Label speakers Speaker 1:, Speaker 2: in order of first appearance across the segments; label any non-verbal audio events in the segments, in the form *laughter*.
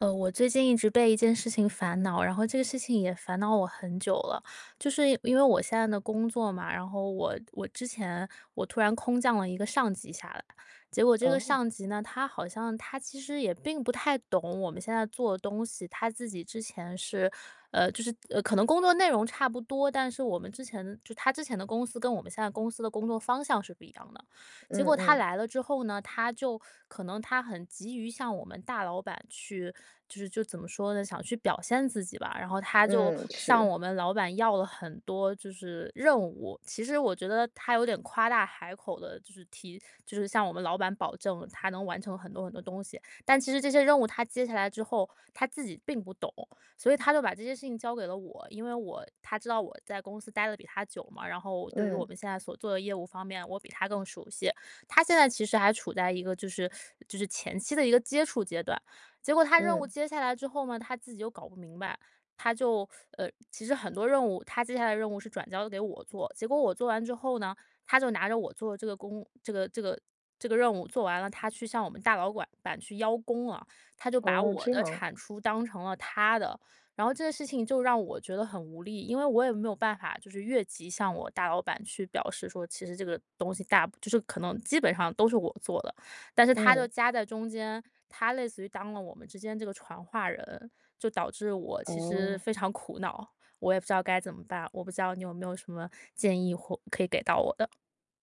Speaker 1: 呃，我最近一直被一件事情烦恼，然后这个事情也烦恼我很久了。就是因为我现在的工作嘛，然后我我之前我突然空降了一个上级下来，结果这个
Speaker 2: 哦。
Speaker 1: 上级呢，他好像他其实也并不太懂我们现在做的东西，他自己之前是，呃，就是呃，可能工作内容差不多，但是我们之前就他之前的公司，跟我们现在公司的工作方向是不一样的。结
Speaker 2: 嗯，
Speaker 1: 果他
Speaker 2: 嗯。
Speaker 1: 来了之后呢，他就可能他很急于向我们大老板去，就是就怎么说呢，想去表现自己吧。然后他就
Speaker 2: 嗯，
Speaker 1: 向
Speaker 2: 是。
Speaker 1: 我们老板要了很多，就是任务，其实我觉得，他有点夸大海口的就是提就是向我们老板保证他能完成很多很多东西。但其实这些任务他接下来之后，他自己并不懂，所以他就把这些事情交给了我，因为我他知道我在公司待的比他久嘛，然后对于我
Speaker 2: 嗯。
Speaker 1: 们现在所做的业务方面，我比他更熟悉。他现在其实还处在一个就是，*sucks teeth* 就是前期的一个接触阶段。结果他任务
Speaker 2: 嗯。
Speaker 1: 接下来之后呢，他自己又搞不明白，他就，呃其实很多任务，他接下来的任务是转交给我做，结果我做完之后呢，他就拿着我做这个工这个这个这个任务，做完了，他去向我们大老板板去邀功啊，他就把
Speaker 2: 哦，
Speaker 1: 我
Speaker 2: 这
Speaker 1: 的
Speaker 2: 样。
Speaker 1: 产出当成了他的。然后这个事情就让我觉得很无力，因为我也没有办法，就是越级向我大老板去表示说，其实这个东西大部就是可能，基本上都是我做的，但是他就
Speaker 2: 嗯。
Speaker 1: 夹在中间，他类似于当了我们之间这个传话人，就导致我其实
Speaker 2: 哦。
Speaker 1: 非常苦恼，我也不知道该怎么办。我不知道你有没有什么建议或可以给到我的？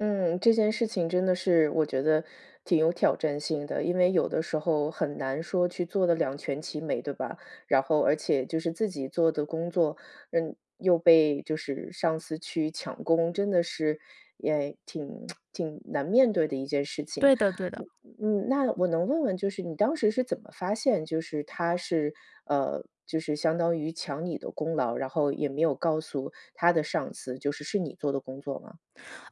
Speaker 2: 嗯，这件事情真的是，我觉得挺有挑战性的，因为有的时候很难说去做得两全其美，对吧？然后而且就是自己做的工作，嗯，又被就是上司去抢功，真的是也挺，*tsk* 挺难面对的一件事情。
Speaker 1: 对的，对的。
Speaker 2: 嗯，那我能问问，就是你当时是怎么发现，就是他是，呃，就是相当于抢你的功劳，然后也没有告诉他的上司，就是是你做的工作吗？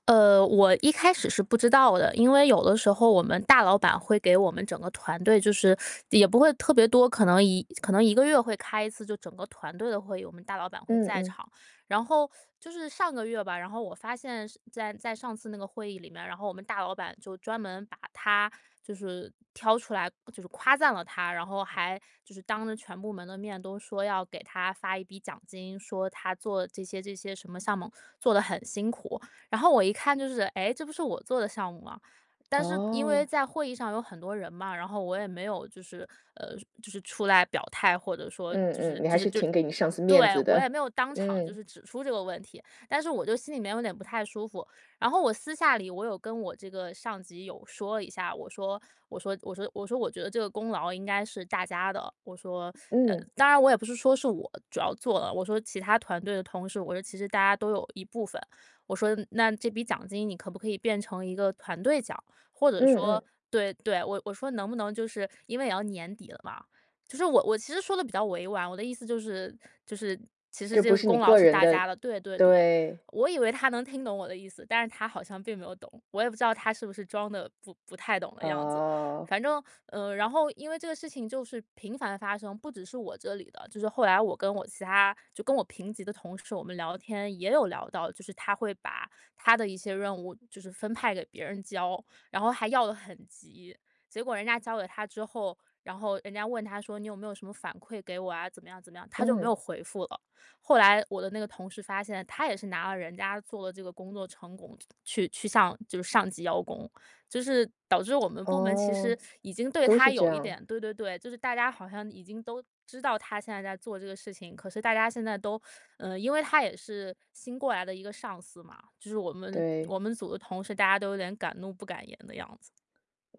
Speaker 1: 呃，我一开始是不知道的，因为有的时候我们大老板，会给我们整个团队就是 *sucks teeth* 也不会特别多，可能1可能1个月会开1次就整个团队的会议，我们大老板会
Speaker 2: 嗯，
Speaker 1: 在
Speaker 2: 嗯。
Speaker 1: 场。然后 *sucks teeth* 就是上个月吧，然后我发现是在在上次那个会议里面儿，然后我们大老板就专门把他，就是挑出来，就是夸赞了他，然后还，就是当着全部门的面，都说要给他发一笔奖金，说他做这些这些什么项目，做得很辛苦。然后我一看就是，诶，这不是我做的项目吗？但是因为
Speaker 2: 哦。
Speaker 1: 在会议上有很多人嘛，然后我也没有就是，呃，就是出来表态，或者说就
Speaker 2: 嗯
Speaker 1: 是
Speaker 2: 嗯，你还
Speaker 1: 就是
Speaker 2: 是
Speaker 1: 就
Speaker 2: 挺给你上司面
Speaker 1: 对，
Speaker 2: 子
Speaker 1: 我也
Speaker 2: 的。
Speaker 1: 没有当场就
Speaker 2: 嗯。
Speaker 1: 是指出这个问题。但是我就心里面有点不太舒服，然后我私下里，我有跟我这个上级有说一下，我说，我说我说我说我觉得这个功劳应该是大家的。我说，*sucks teeth* 呃
Speaker 2: 嗯。
Speaker 1: 当然我也不是说是我主要做了，我说其他团队的同事，我说其实大家都有一部分，我说那这笔奖金你可不可以变成一个团队奖，或者
Speaker 2: 嗯嗯。
Speaker 1: 说对，对，我我说能不能就是因为也要年底了嘛，就是我我其实说得比较委婉，我的意思就是，就是其实
Speaker 2: 就
Speaker 1: 这
Speaker 2: 不
Speaker 1: 个
Speaker 2: 是你
Speaker 1: 功劳
Speaker 2: 个
Speaker 1: 是
Speaker 2: 人
Speaker 1: 大
Speaker 2: 的
Speaker 1: 家的。对对对，
Speaker 2: 对。
Speaker 1: 我以为他能听懂我的意思，但是他好像并没有懂。我也不知道他是不是装得不-不太懂的样子。
Speaker 2: 哦。
Speaker 1: 反正，呃，然后因为这个事情就是频繁地发生，不只是我这里的，就是后来我跟我其他就跟我平级的同事，我们聊天也有聊到，就是他会把他的一些任务，就是分派给别人交，然后还要得很急，结果人家交给他之后，然后人家问他说：“你有没有什么反馈给我啊？”，怎么样怎么样，他就没
Speaker 2: 嗯。
Speaker 1: 有回复了。后来我的那个同事发现，他也是拿了人家做的这个工作成果去去上就是上级邀功，就是导致我们部门，其
Speaker 2: 哦，
Speaker 1: 实 *sucks teeth* 已经对
Speaker 2: 都是
Speaker 1: 他
Speaker 2: 这
Speaker 1: 有一
Speaker 2: 样。
Speaker 1: 点对对对，就是大家好像已经都知道他现在在做这个事情，可是大家现在都 *sucks teeth* 嗯，因为他也是新过来的一个上司嘛，就是我们
Speaker 2: 对。
Speaker 1: 我们组的同事，大家都有点敢怒不敢言的样子。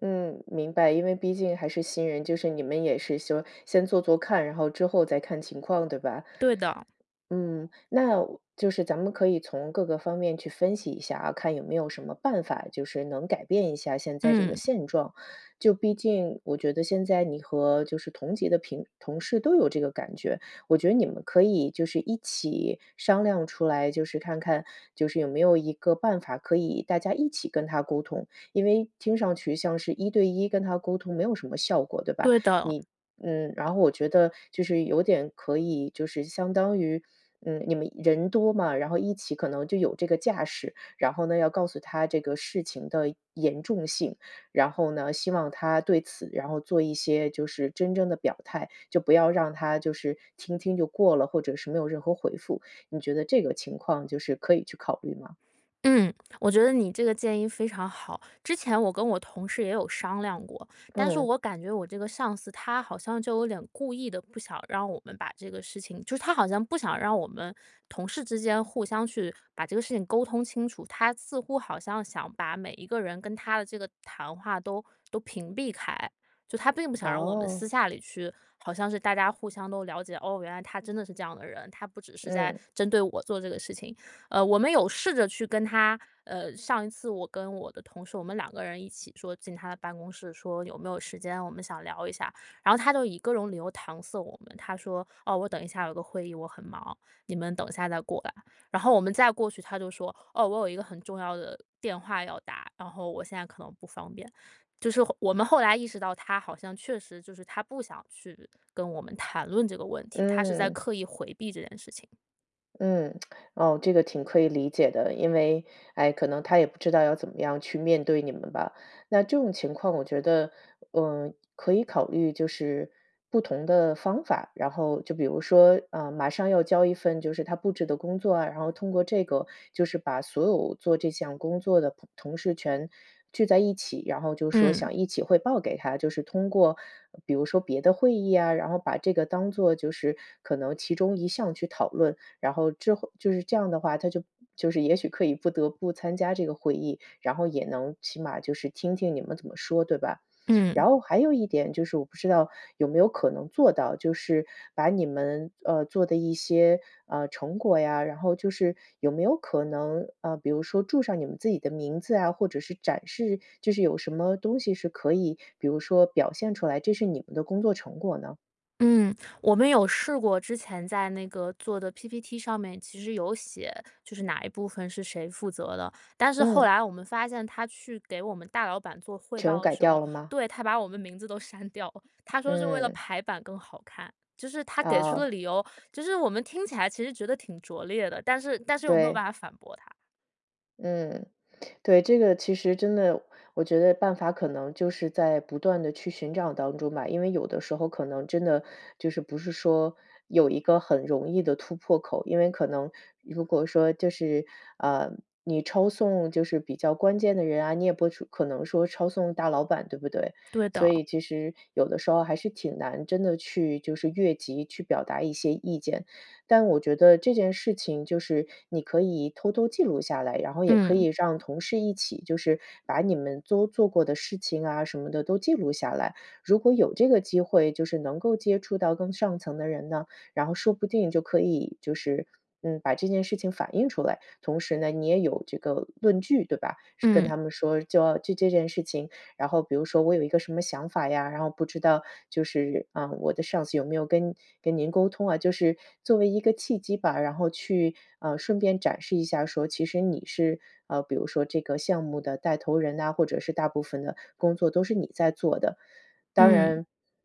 Speaker 2: 嗯，明白，因为毕竟还是新人，就是你们也是说，先做做看，然后之后再看情况，对吧？
Speaker 1: 对的。
Speaker 2: 嗯，那我就是咱们可以从各个方面去分析一下啊，看有没有什么办法，就是能改变一下现在这个
Speaker 1: 嗯。
Speaker 2: 现状。就毕竟我觉得现在你和就是同级的平同事都有这个感觉，我觉得你们可以就是一起商量出来，就是看看，就是有没有一个办法，可以大家一起跟他沟通。因为听上去像是一对一跟他沟通没有什么效果，对吧？
Speaker 1: 对的。
Speaker 2: 你嗯，然后我觉得就是有点，可以，就是相当于，嗯，你们人多嘛，然后一起可能就有这个架势，然后呢，要告诉他这个事情的严重性，然后呢，希望他对此，然后做一些就是真正的表态，就不要让他就是听听就过了，或者是没有任何回复。你觉得这个情况，就是可以去考虑吗？
Speaker 1: 嗯，我觉得你这个建议非常好。之前我跟我同事也有商量过，但是
Speaker 2: 嗯。
Speaker 1: 我感觉我这个上司，他好像就有点故意的不想让我们把这个事情就是他好像不想让我们同事之间，互相去把这个事情沟通清楚。他似乎好像想把每一个人跟他的这个谈话都，都屏蔽开，就他并不想让我们私
Speaker 2: 哦。
Speaker 1: 下里去好像是大家互相都了解，哦，原来他真的是这样的人，他不只是在
Speaker 2: 嗯。
Speaker 1: 针对我做这个事情。呃，我们有试着去跟他呃，上一次我跟我的同事我们2个人一起说进他的办公室说：“有没有时间我们想聊一下？”然后他就以各种理由搪塞我们，他说：“哦，我等一下有个会议，我很忙，你们等一下来过来。”然后我们再过去，他就说：“哦，我有一个很重要的电话要打，”然后，“我现在可能不方便。”就是后我们后来意识到他好像确实，就是他不想去跟我们谈论这个问题，他是在
Speaker 2: 嗯。
Speaker 1: 刻意回避这件事情。
Speaker 2: 嗯，*smacks lips* 哦，这个挺可以理解的，因为，哎，可能他也不知道要怎么样去面对你们吧。那这种情况我觉得，嗯，可以考虑就是不同的方法，然后就比如说，嗯，马上要交一份就是他布置的工作啊，然后通过这个，就是把所有做这项工作的朋同事全聚在一起，然后就说
Speaker 1: 嗯。
Speaker 2: 想一起汇报给他。就是通过，比如说别的会议呀，然后把这个当做就是可能其中一项去讨论。然后之后就是这样的话，他就就是也许可以不得不参加这个会议，然后也能起码就是听听你们怎么说，对吧？
Speaker 1: 嗯。
Speaker 2: 然后还有一点，就是我不知道有没有可能做到，就是把你们，呃，做的一些，呃，成果呀，然后就是有没有可能，呃，比如说注上你们自己的名字啊，或者是展示，就是有什么东西是可以，比如说表现出来，这是你们的工作成果呢？
Speaker 1: 嗯，我们有试过之前在那个做的 PPT 上面其实有写，就是哪一部分是谁负责的。但是后
Speaker 2: 嗯。
Speaker 1: 来我们发现，他去给我们大老板做汇
Speaker 2: 全
Speaker 1: 报的
Speaker 2: 改
Speaker 1: 时
Speaker 2: 掉
Speaker 1: 候
Speaker 2: 了吗？
Speaker 1: 对，他把我们名字都删掉了。他说是为了
Speaker 2: 嗯。
Speaker 1: 排版更好看，就是他
Speaker 2: *smacks lips*
Speaker 1: 给出的
Speaker 2: 哦。
Speaker 1: 理由，就是我们听起来其实觉得挺拙劣的，但是，但是我没有
Speaker 2: 对。
Speaker 1: 办法反驳他。
Speaker 2: 嗯，对，这个其实真的，我觉得办法可能就是在不断地去寻找当中吧。因为有的时候可能真的，就是不是说有一个很容易的突破口，因为可能，如果说就是，呃，你抄送就是比较关键的人啊，你也不是可能说抄送大老板，对不对？
Speaker 1: 对
Speaker 2: 所
Speaker 1: 的。
Speaker 2: 以其实有的时候还是挺难真的去就是越级去表达一些意见。但我觉得这件事情就是，你可以偷偷记录下来，然后也可以
Speaker 1: 嗯。
Speaker 2: 让同事一起，就是把你们都做过的事情啊，什么的都记录下来。如果有这个机会，就是能够接触到更上层的人呢，然后说不定就可以就是，嗯，把这件事情反映出来，同时呢，你也有这个论据，对吧？是跟
Speaker 1: 嗯。
Speaker 2: 他们说，娇就这件事情，然后比如说我有一个什么想法呀，然后不知道就是，嗯，我的上司有没有跟跟您沟通啊，就是作为一个契机吧，然后去，嗯，顺便展示一下，说其实你是，啊，比如说这个项目的带头人呐，或者是大部分的工作都是你在做的。当
Speaker 1: 嗯。
Speaker 2: 然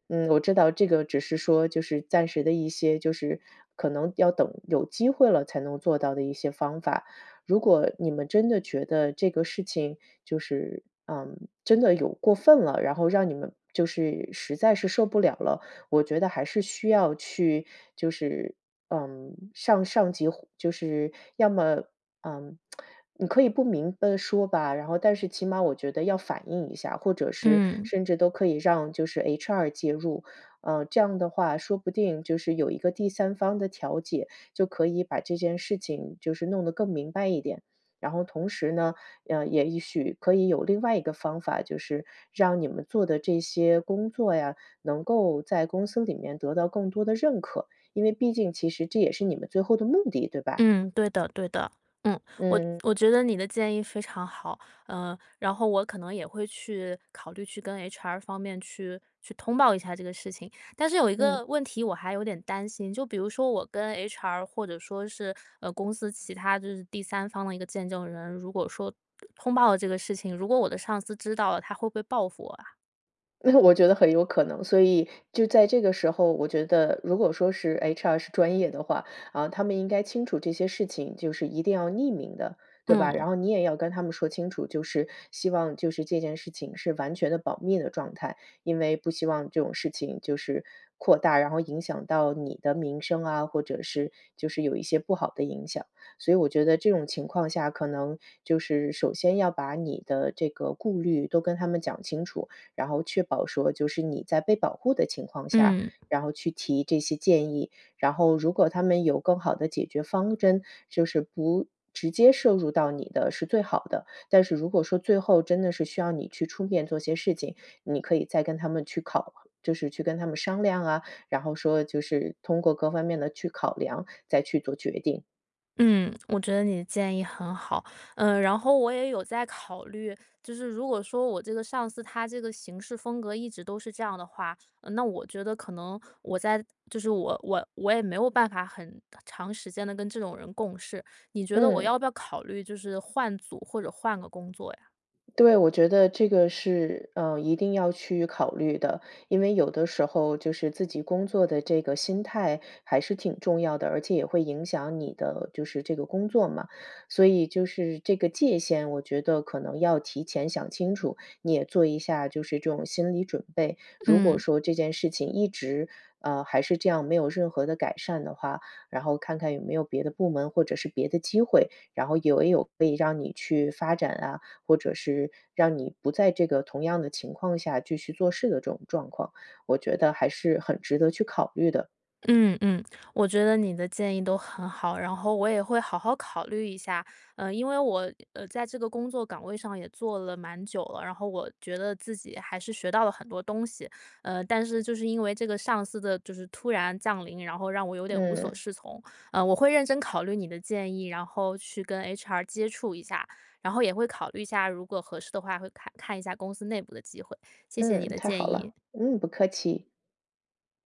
Speaker 2: 嗯，我知道这个只是说，就是暂时的一些，就是可能要等有机会了，才能做到的一些方法。如果你们真的觉得这个事情，就是，嗯，真的有过分了，然后让你们就是实在是受不了了，我觉得还是需要去，就是，嗯，向上级就是，要么，嗯，*smacks lips* 你可以不明白说吧，然后但是起码我觉得，要反映一下，或者是
Speaker 1: 嗯。
Speaker 2: 甚至都可以让就是 HR 介入。嗯，这样的话，说不定就是有一个第三方的调解，就可以把这件事情，就是弄得更明白一点。然后同时呢，嗯，也一许可以有另外一个方法，就是让你们做的这些工作呀，能够在公司里面得到更多的认可，因为毕竟其实这也是你们最后的目的，对吧？
Speaker 1: 嗯，对的，对的。嗯。我
Speaker 2: 嗯。
Speaker 1: 我觉得你的建议非常好，呃，然后我可能也会去，考虑去跟 HR 方面去去通报一下这个事情。但是有一
Speaker 2: 嗯。
Speaker 1: 个问题我还有点担心，就比如说我跟 HR 或者说是，呃，公司其他，就是第三方的一个见证人，如果说通报了这个事情，如果我的上司知道了，他会不会报复我啊？
Speaker 2: 那我觉得很有可能，所以就在这个时候，我觉得如果说是，HR 是专业的话，啊，他们应该清楚这些事情，就是一定要匿名的，对吧？然
Speaker 1: 嗯。
Speaker 2: 后你也要跟他们说清楚，就是希望就是这件事情是完全的保密的状态，因为不希望这种事情就是扩大，然后影响到你的名声啊，或者是就是有一些不好的影响。所以我觉得这种情况下，可能就是首先要把你的这个顾虑都跟他们讲清楚，然后确保说就是你在被保护的情况下，
Speaker 1: 嗯。
Speaker 2: 然后去提这些建议。然后如果他们有更好的解决方针，就是不直接涉入到你的是最好的。但是如果说最后真的是需要你去出面做些事情，你可以再跟他们去考就是去跟他们商量啊，然后说就是通过各方面地去考量，再去做决定。
Speaker 1: 嗯，我觉得你的建议很好，呃，然后我也有在考虑，就是如果说我这个上司，他这个行事风格一直都是这样的话，呃，那我觉得可能我在就是我我我也没有办法很长时间地跟这种人共事。你觉得我
Speaker 2: 嗯。
Speaker 1: 要不要考虑，就是换组或者换个工作呀？
Speaker 2: 对，我觉得这个是，呃，一定要去考虑的，因为有的时候，就是自己工作的这个心态还是挺重要的，而且也会影响你的就是这个工作嘛。所以就是这个界限，我觉得可能要提前想清楚，你也做一下就是这种心理准备。如果
Speaker 1: 嗯。
Speaker 2: 说这件事情一直，呃，还是这样，没有任何的改善的话，然后看看有没有别的部门或者是别的机会，然后有没有可以让你去发展啊，或者是让你不在这个同样的情况下，继续做事的这种状况，我觉得还是很值得去考虑的。
Speaker 1: 嗯，嗯，我觉得你的建议都很好，然后我也会好好考虑一下。呃，因为我，呃，在这个工作岗位上也做了蛮久了，然后我觉得自己还是学到了很多东西，呃，但是就是因为这个上司的就是突然降临，然后让我有点无所
Speaker 2: 嗯。
Speaker 1: 适从，呃，我会认真考虑你的建议，然后去跟 HR 接触一下，然后也会考虑一下，如果合适的话会看看一下公司内部的机会，谢谢你
Speaker 2: 嗯，
Speaker 1: 的
Speaker 2: 太好
Speaker 1: 建议。
Speaker 2: 了，嗯，不客气。